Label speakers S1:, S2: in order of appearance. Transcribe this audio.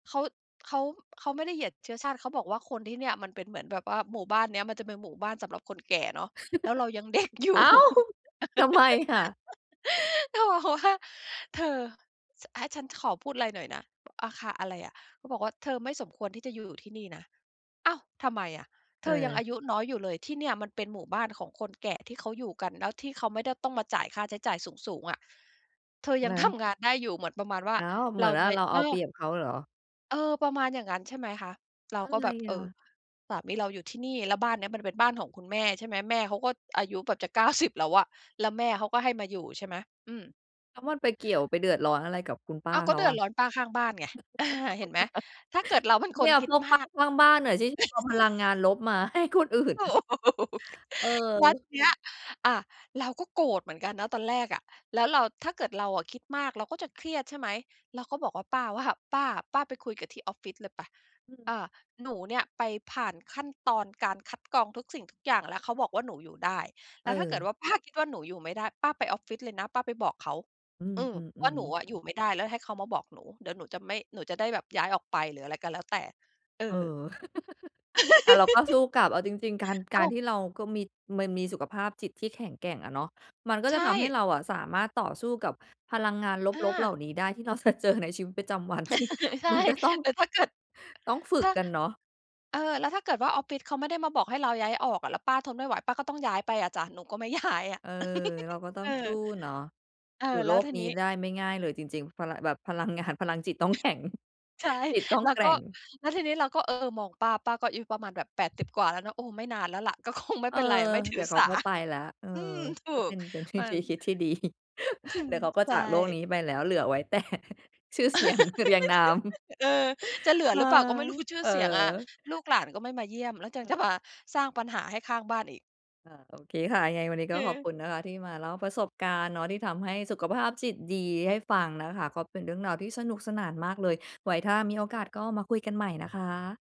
S1: เขา เขา เขาไม่ได้เหยียดเชื้อชาติ เขาบอกว่าคนที่เนี่ย มันเป็นเหมือนแบบว่าหมู่บ้านเนี้ย มันจะเป็นหมู่บ้านสำหรับคนแก่เนาะ แล้วเรายัง เด็กอยู
S2: อ
S1: ่
S2: ้าว ทำไมน่ะ?
S1: แล้วบอกว่า "เธอ ช ให้ฉันขอพูดอะไรหน่อยนะ" "อา ค่ะ อะไรอะ?" เขาบอกว่า "เธอไม่สมควรที่จะอยู่ที่นี่นะ" อ้าว ทำไมอะ? "เธอยังอ
S2: เออ
S1: ายุน้อยอยู่เลย ที่เนี่ยมันเป็นหมู่บ้านของคนแก่ที่เขาอยู่กัน แล้วที่เขาไม่ได้ต้องมาจ่ายค่าใช้จ่ายสูง ๆ อะ เธอย
S2: แ
S1: ั
S2: ล
S1: ง
S2: ้
S1: ท
S2: ว?
S1: ำ งานได้อยู่" เหมือนประมาณว่า
S2: อ้าว เหม
S1: เร
S2: ือ
S1: า
S2: นว
S1: ไ
S2: ่
S1: ป
S2: าเราเ
S1: เ
S2: อ
S1: อ
S2: าเป
S1: อ
S2: รียบเขาเหรอ?
S1: เออ ประมาณอย่างงั้น ใช่ไหมคะ เรา
S2: อะ
S1: ก็
S2: ไร
S1: แบบ เ
S2: อ
S1: อ่อ
S2: ะ?
S1: สามีเราอยู่ที่นี่ แล้วบ้านเนี้ยมันเป็นบ้านของคุณแม่ ใช่ไหม แม่เขาก็อายุแบบจะ 90 แล้วอะ แล้วแม่เขาก็ให้มาอยู่ ใช่ไหม อืม
S2: แล้วมันไปเกี่ยว ไปเดือดร้อนอะไรกับคุณป้
S1: อ
S2: า
S1: ้าว ก
S2: เ
S1: ็
S2: ขา
S1: เดือ
S2: อ
S1: ด
S2: ะ
S1: ร้อนป้าข้างบ้านไง อะฮะ เห็นไหม ถ้าเกิดเราเป็นค
S2: เนี
S1: น
S2: ่ย
S1: คิ
S2: พ
S1: ด
S2: วก
S1: ม
S2: ป้า
S1: าก
S2: ข้างบ้านน่ะ ที่จะเอาพลังงานลบมาให้คนอื่น
S1: ถูก แล้ว
S2: เออ
S1: ทีเนี้ย อา เราก็โกรธเหมือนกันนะตอนแรกอะ แล้วเรา ถ้าเกิดเราอะคิดมาก เราก็จะเครียด ใช่ไหม เราก็บอกว่า ป้าว่า "ป้า ป้าไปคุยกับที่ออฟฟิศเลยไป
S2: อื
S1: อ
S2: ม
S1: า หนูเนี่ยไปผ่านขั้นตอนการคัดกรองทุกสิ่งทุกอย่างแล้ว เขาบอกว่าหนูอยู่ได้ แ
S2: เ
S1: ล้วถ้าเกิ
S2: อ
S1: ด
S2: อ
S1: ว่าป้าคิดว่าหนูอยู่ไม่ได้ ป้าไปออฟฟิศเลยนะ ป้าไปบอกเขา
S2: อื
S1: อืม ว่า
S2: อ
S1: หนู
S2: ๆ ๆ
S1: อะอยู่ไม่ได้แล้วให้เขามาบอกหนู เดี๋ยวหนูจะไม่ หนูจะได้แบบย้ายออกไป หรืออะไรก็แล้วแต่" เอ
S2: เออ
S1: อ
S2: อะ เราก็สู้กลับ เอาจริง ๆ การ ก
S1: อ้
S2: า
S1: า
S2: ร
S1: ว
S2: ที่เราก็มี มันมีสุขภาพจิตที่แข็งแกร่งอะเนาะ มันก็
S1: ใช
S2: จะทำให้
S1: ่
S2: เราอะสามารถต่อสู้กับพลังงาน
S1: อ
S2: ลบ ๆ เหล่
S1: า
S2: านี้ได้ ที่เรา จะเจอในชีวิตประจำวัน ที่
S1: ใช่
S2: มันก็ต้อง
S1: แล้วถ้าเกิด
S2: ต้องฝึ
S1: ถ
S2: ก
S1: ้า
S2: กันเนาะ
S1: เออ แล้วถ้าเกิดว่า ออฟฟิศเขาไม่ได้มาบอกให้เราย้ายออกอะ แล้วป้าทนไม่ไหว ป้าก็ต้องย้ายไปอะจ้ะ หนูก็ไม่ย้ายอะ
S2: เออ เราก็ต้
S1: เ
S2: อ
S1: อ
S2: งสู
S1: อ
S2: ้เนาะ
S1: เอ
S2: อยู่
S1: อ
S2: โ
S1: แ
S2: ล
S1: ล้ว
S2: ก
S1: ที
S2: นี้
S1: นี้
S2: ได้ไม่ง่ายเลยจริง ๆ พะละ แบบพลังงาน พลังจิตต้อง แข็ง
S1: ใช่
S2: จิตต้อง
S1: แล้ว
S2: แกร
S1: ก
S2: ่
S1: ็
S2: ง
S1: แล้วทีนี้เราก็ เออ มองป้า ป้าก็อายุประมาณแบบ 80 กว่าแล้วเนาะ โอ้ ไม่นานแล้วแหละ ก็คงไม่
S2: เอ
S1: เป
S2: อ
S1: ็นไร ไม่ถ
S2: เ
S1: ื
S2: ดี๋
S1: อ
S2: ยวเข
S1: ส
S2: า
S1: า
S2: ก็ไปแล้ว เออ
S1: อืม ถู
S2: ก็เป
S1: ก
S2: ็น เป็นวิ
S1: นั่
S2: ธี
S1: น
S2: คิดที่ดี
S1: อื
S2: เ
S1: ม
S2: ดี๋ยวเขาก็
S1: ใช
S2: จ
S1: ่
S2: ากโลกนี้ไปแล้ว เหลือไว้ แต่ ชื่อเสียงเรียงนาม
S1: เออ จะเหลือ
S2: เอ
S1: ห
S2: อ
S1: รือเปล่าก็ไม่รู้? คือชื่
S2: เอ
S1: อ
S2: อ
S1: เสียงอะ ลูกหลานก็ไม่มาเยี่ยม แล้วยัง
S2: เอ
S1: จ
S2: อ
S1: ะมาสร้างปัญหาให้ข้างบ้านอีก
S2: เอ่อ โอเคค่ะ ยังไงวันนี้ก
S1: อ
S2: ็ขอบ
S1: ือ
S2: คุณนะคะ ที่มาเล่าประสบการณ์เนาะ ที่ทำให้สุขภาพจิตดีให้ฟังนะคะ ก็เป็นเรื่องราวที่สนุกสนานมากเลย ไว้ถ้ามีโอกาสก็มาคุยกันใหม่นะคะ